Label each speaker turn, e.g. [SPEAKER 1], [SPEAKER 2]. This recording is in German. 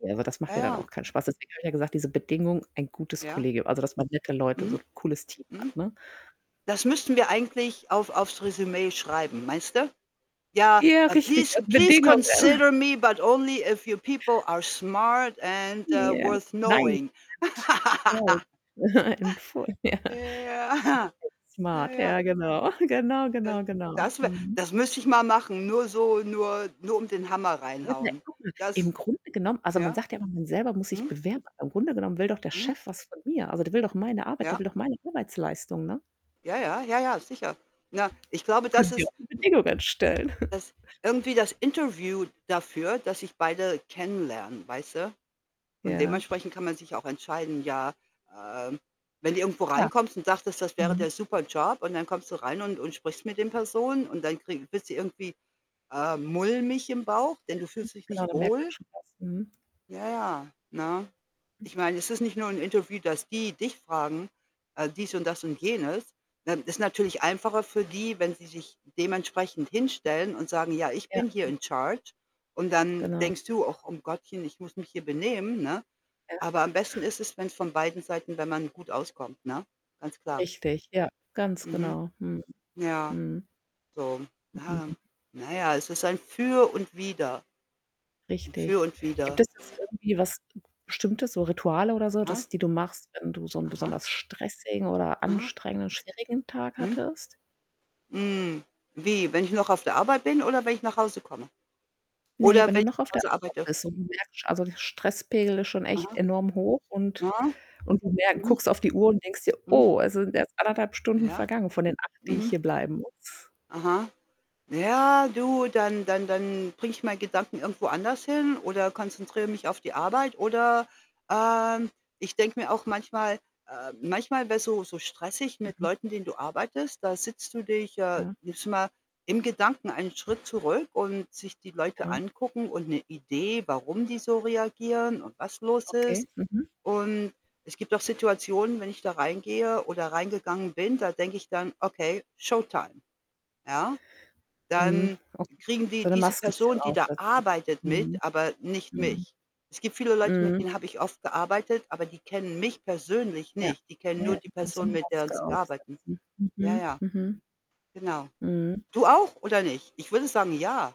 [SPEAKER 1] Ja, aber das
[SPEAKER 2] Ja,
[SPEAKER 1] macht ja dann
[SPEAKER 2] ja.
[SPEAKER 1] auch keinen Spaß, du hast ja gerade gesagt, diese Bedingung, ein gutes
[SPEAKER 2] Ja.
[SPEAKER 1] Kollegium also, dass man nette Leute so
[SPEAKER 2] Mhm.
[SPEAKER 1] 'n cooles Team
[SPEAKER 2] Mhm.
[SPEAKER 1] hat, ne?
[SPEAKER 2] Das müssten wir eigentlich auf auf's Resümee schreiben, meinst du? Ja.
[SPEAKER 1] Ja,
[SPEAKER 2] Ah:
[SPEAKER 1] richtig,
[SPEAKER 2] „Please
[SPEAKER 1] als
[SPEAKER 2] please
[SPEAKER 1] Bedingungen.
[SPEAKER 2] consider me but only if your people are smart and, äh,
[SPEAKER 1] Ja.
[SPEAKER 2] worth
[SPEAKER 1] Nein.
[SPEAKER 2] knowing.“
[SPEAKER 1] [unintelligible] [unintelligible] vorher.
[SPEAKER 2] Ja.
[SPEAKER 1] [unintelligible]
[SPEAKER 2] Ja,
[SPEAKER 1] Smart
[SPEAKER 2] ja.
[SPEAKER 1] ja, genau. Genau,
[SPEAKER 2] D das
[SPEAKER 1] genau, genau.
[SPEAKER 2] das wär
[SPEAKER 1] Mhm.
[SPEAKER 2] das müsste ich mal machen, nur so nur nur um den Hammer reinhauen.
[SPEAKER 1] [unintelligible] .Im
[SPEAKER 2] Das
[SPEAKER 1] Grunde genommen also, man
[SPEAKER 2] ja?
[SPEAKER 1] sagt ja immer, man selber muss sich
[SPEAKER 2] Mhm.
[SPEAKER 1] bewerben, aber im Grunde genommen will doch der
[SPEAKER 2] Mhm.
[SPEAKER 1] Chef was von mir. Also, der will doch meine Arbeit, der
[SPEAKER 2] Ja.
[SPEAKER 1] will doch meine Arbeitsleistung, ne?
[SPEAKER 2] Ja, ja, ja, ja sicher. Na, ich glaube,
[SPEAKER 1] Können
[SPEAKER 2] das
[SPEAKER 1] sie
[SPEAKER 2] ist
[SPEAKER 1] auch
[SPEAKER 2] hm.
[SPEAKER 1] die Bedingungen stellen.
[SPEAKER 2] Das irgendwie das Interview dafür, dass sich beide kennenlernen, weißt du? Und
[SPEAKER 1] Ja.
[SPEAKER 2] dementsprechend kann man sich auch entscheiden, ja, ähm, wenn du irgendwo
[SPEAKER 1] Klar.
[SPEAKER 2] reinkommst und dachtest, das wäre
[SPEAKER 1] Mhm.
[SPEAKER 2] der super Job und dann kommst du rein und und sprichst mit den Personen und dann krieg wirst du irgendwie, äh, mulmig im Bauch,
[SPEAKER 1] Ja.
[SPEAKER 2] denn du fühlst dich
[SPEAKER 1] Genau,
[SPEAKER 2] nicht
[SPEAKER 1] da merkt man
[SPEAKER 2] wohl
[SPEAKER 1] schon was. Mhm.
[SPEAKER 2] Ja, ja, ne?
[SPEAKER 1] Hm
[SPEAKER 2] Ich meine, es ist nicht nur 'n Interview, dass die dich fragen, äh, dies und das und jenes. Ähm, ist natürlich einfacher für die, wenn sie sich dementsprechend
[SPEAKER 1] Ja.
[SPEAKER 2] hinstellen und sagen: „Ja, ich
[SPEAKER 1] Ja,
[SPEAKER 2] bin hier
[SPEAKER 1] ja.
[SPEAKER 2] in charge.“ Und dann
[SPEAKER 1] Genau.
[SPEAKER 2] denkst du: „Ach um Gottchen, ich muss mich hier benehmen“, ne?
[SPEAKER 1] Ja.
[SPEAKER 2] Aber am besten ist es, wenn's von beiden Seiten wenn man gut auskommt, ne? Ganz klar.
[SPEAKER 1] Richtig, ja, ganz
[SPEAKER 2] Mhm.
[SPEAKER 1] genau. Mhm.
[SPEAKER 2] Ja,
[SPEAKER 1] Mhm.
[SPEAKER 2] so ja.
[SPEAKER 1] Mhm.
[SPEAKER 2] Na ja, es ist ein Für und Wider. Ein Für
[SPEAKER 1] Richtig.
[SPEAKER 2] und
[SPEAKER 1] Gibt
[SPEAKER 2] Wider.
[SPEAKER 1] es das irgendwie was Bestimmtes, so Rituale oder so,
[SPEAKER 2] Hä?
[SPEAKER 1] das die du machst, wenn du so 'n
[SPEAKER 2] Aha.
[SPEAKER 1] besonders stressigen oder
[SPEAKER 2] Aha.
[SPEAKER 1] anstrengenden, schwierigen Tag
[SPEAKER 2] Mhm.
[SPEAKER 1] hattest?
[SPEAKER 2] Hm, wie, wenn ich noch auf der Arbeit bin oder wenn ich nach Hause komme?
[SPEAKER 1] Ne,
[SPEAKER 2] Oder
[SPEAKER 1] wenn du
[SPEAKER 2] wenn ich
[SPEAKER 1] noch auf
[SPEAKER 2] von
[SPEAKER 1] der
[SPEAKER 2] zu Hause
[SPEAKER 1] Arbeit
[SPEAKER 2] arbeite?
[SPEAKER 1] bist und du merkst also Stresspegel ist schon echt
[SPEAKER 2] Aha.
[SPEAKER 1] enorm hoch und
[SPEAKER 2] Aha.
[SPEAKER 1] und du merk
[SPEAKER 2] Mhm.
[SPEAKER 1] guckst auf die Uhr und denkst dir:
[SPEAKER 2] Mhm.
[SPEAKER 1] „Oh, es sind erst 1 1/2 Stunden
[SPEAKER 2] Ja?
[SPEAKER 1] vergangen von den 8, die ich
[SPEAKER 2] Mhm.
[SPEAKER 1] hier bleiben muss.”
[SPEAKER 2] Aha. Na ja, du, dann dann dann bringe ich meine Gedanken irgendwo anders hin oder konzentriere mich auf die Arbeit, oder, ähm, ich denke mir auch manchmal, äh manchmal wäre es so so stressig mit
[SPEAKER 1] Mhm.
[SPEAKER 2] Leuten, denen du arbeitest. Da sitzt du dich äh,
[SPEAKER 1] Ja.
[SPEAKER 2] nimmst du mal, im Gedanken einen Schritt zurück und sich die Leute
[SPEAKER 1] Ja.
[SPEAKER 2] angucken und 'ne Idee, warum die so reagieren und was los
[SPEAKER 1] Okay,
[SPEAKER 2] ist
[SPEAKER 1] mhm.
[SPEAKER 2] und es gibt auch Situationen, wenn ich da reingehe oder reingegangen bin, da denke ich dann: „Okay, Showtime.“ Ja?
[SPEAKER 1] Mhm,
[SPEAKER 2] Dann
[SPEAKER 1] okay.
[SPEAKER 2] kriegen die,
[SPEAKER 1] So 'ne
[SPEAKER 2] diese
[SPEAKER 1] Maske bisschen
[SPEAKER 2] Person, die da
[SPEAKER 1] aufsetzen.
[SPEAKER 2] arbeitet mit,
[SPEAKER 1] Mhm.
[SPEAKER 2] aber nicht
[SPEAKER 1] Mhm.
[SPEAKER 2] mich. Es gibt viele Leute, mit
[SPEAKER 1] Mhm.
[SPEAKER 2] denen habe ich oft gearbeitet, aber die kennen mich persönlich
[SPEAKER 1] Ja,
[SPEAKER 2] nicht. Die kennen
[SPEAKER 1] ja,
[SPEAKER 2] nur
[SPEAKER 1] ja,
[SPEAKER 2] die
[SPEAKER 1] ja, so
[SPEAKER 2] Person,
[SPEAKER 1] 'ne
[SPEAKER 2] mit der 'n
[SPEAKER 1] Maske
[SPEAKER 2] sie arbeiten.
[SPEAKER 1] aufsetzen.
[SPEAKER 2] Ja,
[SPEAKER 1] Mhm,
[SPEAKER 2] ja.
[SPEAKER 1] mhm.
[SPEAKER 2] Genau.
[SPEAKER 1] Mhm.
[SPEAKER 2] Du auch, oder nicht? Ich würde sagen, ja.